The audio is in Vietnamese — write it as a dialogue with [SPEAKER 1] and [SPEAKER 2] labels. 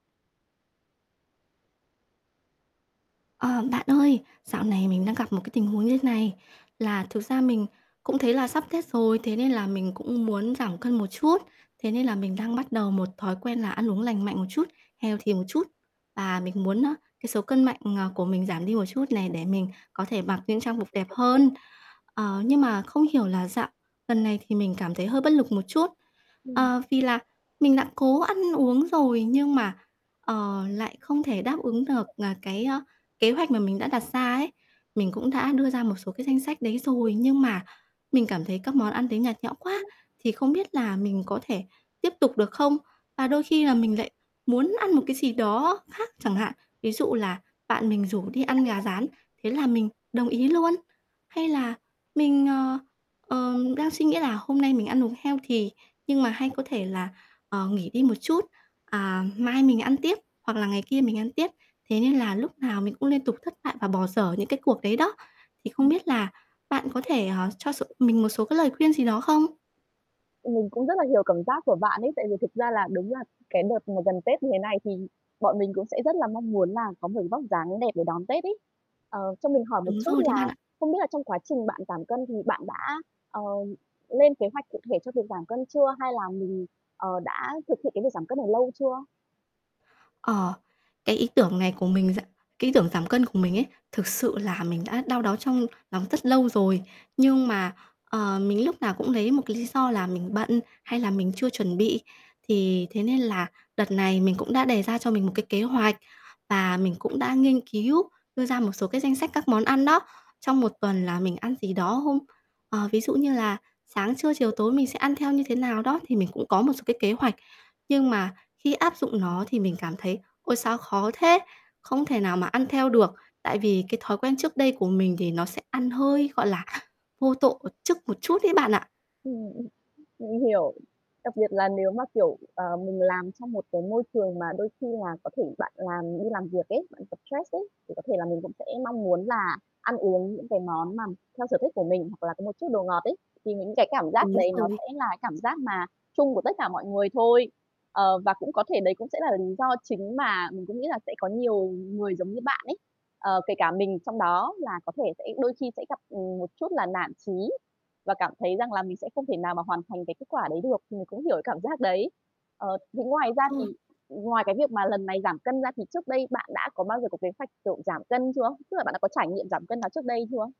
[SPEAKER 1] Ờ, bạn ơi, dạo này mình đang gặp một cái tình huống như thế này, là thực ra mình cũng thấy là sắp Tết rồi, thế nên là mình cũng muốn giảm cân một chút. Thế nên là mình đang bắt đầu một thói quen là ăn uống lành mạnh một chút, healthy một chút, và mình muốn á, cái số cân mạnh, ờ, của mình giảm đi một chút này, để mình có thể mặc những trang phục đẹp hơn. Ờ, nhưng mà không hiểu là dạo lần này thì mình cảm thấy hơi bất lực một chút,
[SPEAKER 2] Ừm.
[SPEAKER 1] ờ, vì là mình đã cố ăn uống rồi nhưng mà, ờ, lại không thể đáp ứng được, ờ, cái, ơ, kế hoạch mà mình đã đặt ra ấy. Mình cũng đã đưa ra một số cái danh sách đấy rồi, nhưng mà mình cảm thấy các món ăn đấy nhạt nhẽo quá, thì không biết là mình có thể tiếp tục được không? Và đôi khi là mình lại muốn ăn một cái gì đó khác
[SPEAKER 2] Ừm.
[SPEAKER 1] chẳng hạn. Ví dụ là bạn mình rủ đi ăn gà rán, thế là mình đồng ý luôn, hay là mình, ờ, ờ, đang suy nghĩ là "Hôm nay mình ăn uống healthy, nhưng mà hay có thể là, ờ, nghỉ đi một chút, à, mai mình ăn tiếp hoặc là ngày kia mình ăn tiếp." Thế nên là lúc nào mình cũng liên tục thất bại và bỏ dở những cái cuộc đấy đó. Thì không
[SPEAKER 2] Ừm.
[SPEAKER 1] biết là bạn có thể, ờ, cho s mình một số cái lời khuyên gì đó không?
[SPEAKER 2] Mình cũng rất là hiểu cảm giác của bạn ấy, tại vì thực ra là đúng là cái đợt mà gần Tết như thế này thì bọn mình cũng sẽ rất là mong muốn là có một vóc dáng đẹp để đón Tết ấy. Ờ, cho mình hỏi một
[SPEAKER 1] Đúng
[SPEAKER 2] chút
[SPEAKER 1] rồi đấy bạn
[SPEAKER 2] là
[SPEAKER 1] ạ.
[SPEAKER 2] không biết là trong quá trình bạn giảm cân thì bạn đã, ờ, lên kế hoạch cụ thể cho việc giảm cân chưa? Hay là mình, ờ, đã thực hiện cái việc giảm cân này lâu chưa?
[SPEAKER 1] Ờ, cái ý tưởng này của mình ra cái ý tưởng giảm cân của mình ấy, thực sự là mình đã đau đáu trong, ờ, lòng rất lâu rồi. Nhưng mà, ờ, mình lúc nào cũng lấy một cái lý do là mình bận, hay là mình chưa chuẩn bị, thì thế nên là đợt này mình cũng đã đề ra cho mình một cái kế hoạch, và mình cũng đã nghiên cứu đưa ra một số cái danh sách các món ăn đó, trong một tuần là mình ăn gì đó không? Ờ, ví dụ như là sáng, trưa, chiều, tối, mình sẽ ăn theo như thế nào đó thì mình cũng có một số cái kế hoạch, nhưng mà khi áp dụng nó thì mình cảm thấy "Ôi sao khó thế, không thể nào mà ăn theo được." Tại vì cái thói quen trước đây của mình thì nó sẽ ăn hơi, gọi là, vô tổ một chức một chút ấy bạn ạ.
[SPEAKER 2] Ừm, mình hiểu. Đặc biệt là nếu mà, kiểu, ờ, mình làm trong một cái môi trường mà đôi khi là có thể bạn làm đi làm việc ấy, bạn gặp stress ấy, thì có thể là mình cũng sẽ mong muốn là ăn uống những cái món mà theo sở thích của mình, hoặc là có một chút đồ ngọt ấy. Thì những cái cảm giác
[SPEAKER 1] Đúng
[SPEAKER 2] đấy nó
[SPEAKER 1] rồi.
[SPEAKER 2] sẽ là cảm giác mà chung của tất cả mọi người thôi. Ờ, và cũng có thể đấy cũng sẽ là lý do chính mà mình cũng nghĩ là sẽ có nhiều người giống như bạn ấy, ờ, kể cả mình trong đó là có thể sẽ đôi khi sẽ gặp, ừm, một chút là nản chí, và cảm thấy rằng là mình sẽ không thể nào mà hoàn thành cái kết quả đấy được, mình cũng hiểu cảm giác đấy. Ờ, thế ngoài ra
[SPEAKER 1] Ừm.
[SPEAKER 2] thì ngoài cái việc mà lần này giảm cân ra thì trước đây bạn đã có bao giờ có kế hoạch, kiểu, giảm cân chưa? Tức là bạn đã có trải nghiệm giảm cân nào trước đây chưa?